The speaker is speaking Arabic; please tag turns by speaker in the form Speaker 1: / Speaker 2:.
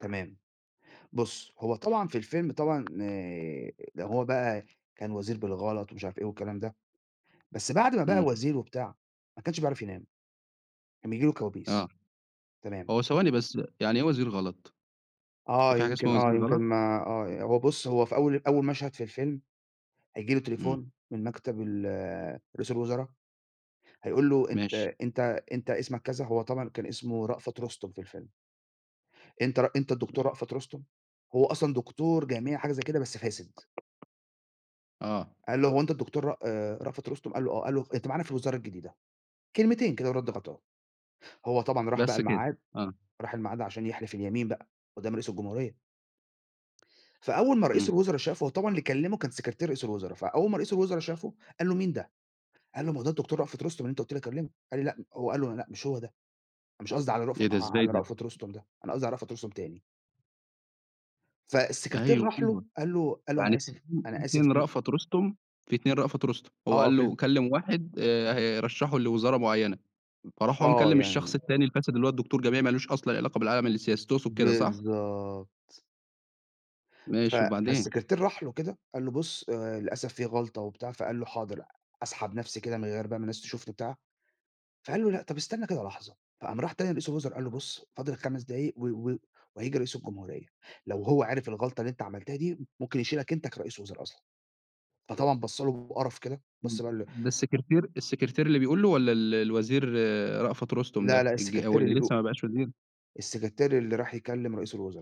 Speaker 1: تمام. بُص، هو طبعًا في الفيلم طبعًا آآ ده هو بقى كان وزير بالغلط ومش عارف إيه والكلام ده، بس بعد ما بقى
Speaker 2: إمم.
Speaker 1: وزير وبتاع، ما كانش بيعرف ينام، كان بييجي له كوابيس.
Speaker 2: آه.
Speaker 1: تمام.
Speaker 2: هو ثواني بس، يعني إيه وزير غلط؟
Speaker 1: آه.
Speaker 2: في حاجة
Speaker 1: يمكن
Speaker 2: اسمها وزير
Speaker 1: آه. يمكن
Speaker 2: غلط؟
Speaker 1: ما آه. هو بُص، هو في أول أول مشهد في الفيلم، هييجي له
Speaker 2: إمم.
Speaker 1: تليفون من مكتب ال رئيس الوُزَرا، هيقول له: "أنت
Speaker 2: ماشي.
Speaker 1: أنت أنت اسمك،" كذا، هو طبعًا كان اسمه رأفَت رُستُم في الفيلم. أنت ر أنت الدكتور رأفَت رُستُم، هو أصلًا دكتور جامعي حاجة زي كده، بس فاسد.
Speaker 2: آه.
Speaker 1: قال له: "هو أنت الدكتور رأ آآ رأفت رُستم؟" قال له: "آه." قال له: "أنت معانا في الوزارة الجديدة." كلمتين كده وِرَد غَطاه. هو طبعًا راح بقى
Speaker 2: بس كده،
Speaker 1: الميعاد
Speaker 2: آه.
Speaker 1: راح الميعاد عشان يحلف اليمين بقى قُدّام رئيس الجمهورية. فأول ما رئيس
Speaker 2: إمم.
Speaker 1: الوُزَرا شافه، هو طبعًا اللي كلّمه كان سكرتير رئيس الوُزَرا، فأول ما رئيس الوُزَرا شافه، قال له: "مين ده؟" قال له: "ما هو ده الدكتور رأفت رُستُم اللي أنت قُلت لي أكلّمه." قال لي لأ هو قال له: "لأ، مش هو ده مش قصدي على رف
Speaker 2: إيه ده، إزاي
Speaker 1: على
Speaker 2: ده؟
Speaker 1: رأفت رُستُم ده، أنا قصدي على رأفت رُستُم تاني." فالسكرتير
Speaker 2: أيوه،
Speaker 1: راح له
Speaker 2: أيوه.
Speaker 1: قال له قال له: "أنا
Speaker 2: يعني في
Speaker 1: آسف
Speaker 2: 2 في
Speaker 1: أنا آسف
Speaker 2: 2
Speaker 1: ج"
Speaker 2: رأفت رُستُم، في 2 رأفت رُستُم. هو
Speaker 1: آه.
Speaker 2: قال
Speaker 1: في ال
Speaker 2: له كلّم واحد آآ هيرشّحه لوزارة معيّنة، فراح هو
Speaker 1: آه.
Speaker 2: مكلّم
Speaker 1: يعني
Speaker 2: الشخص التاني الفاسد اللي هو الدكتور جامعي ما لوش أصلًا علاقة بالعالم السياسي، تقصد كده صح؟
Speaker 1: بالضبط. ف
Speaker 2: ماشي وبعدين؟
Speaker 1: فالسكرتير راح له كده قال له: "بُص، آآ للأسف في غلطة،" وبتاع. فقال له: "حاضر أسحب نفسي كده من غير بقى ما الناس تشوفني،" بتاع. فقال له: "لأ، طب استنى كده لحظة." فقام راح تاني لرئيس الوِزَرا قال له: "بُص فاضل 5 دقايق و و وهييجي رئيس الجمهورية، لو هو عرف الغلطة اللي أنت عملتها دي ممكن يشيلك أنت كرئيس الوُزَرا أصلًا." فطبعًا بَص له بقرف كده،
Speaker 2: م
Speaker 1: بَص بقى قال له
Speaker 2: ده السكرتير السكرتير اللي بيقول له والّا ال الوزير رأفت رُستُم
Speaker 1: لا،
Speaker 2: ده
Speaker 1: لا
Speaker 2: الج أو
Speaker 1: السكرتير اللي
Speaker 2: اللي
Speaker 1: بيق
Speaker 2: لسّه ما بقاش وزير؟
Speaker 1: السكرتير اللي راح يكلّم رئيس الوُزرا.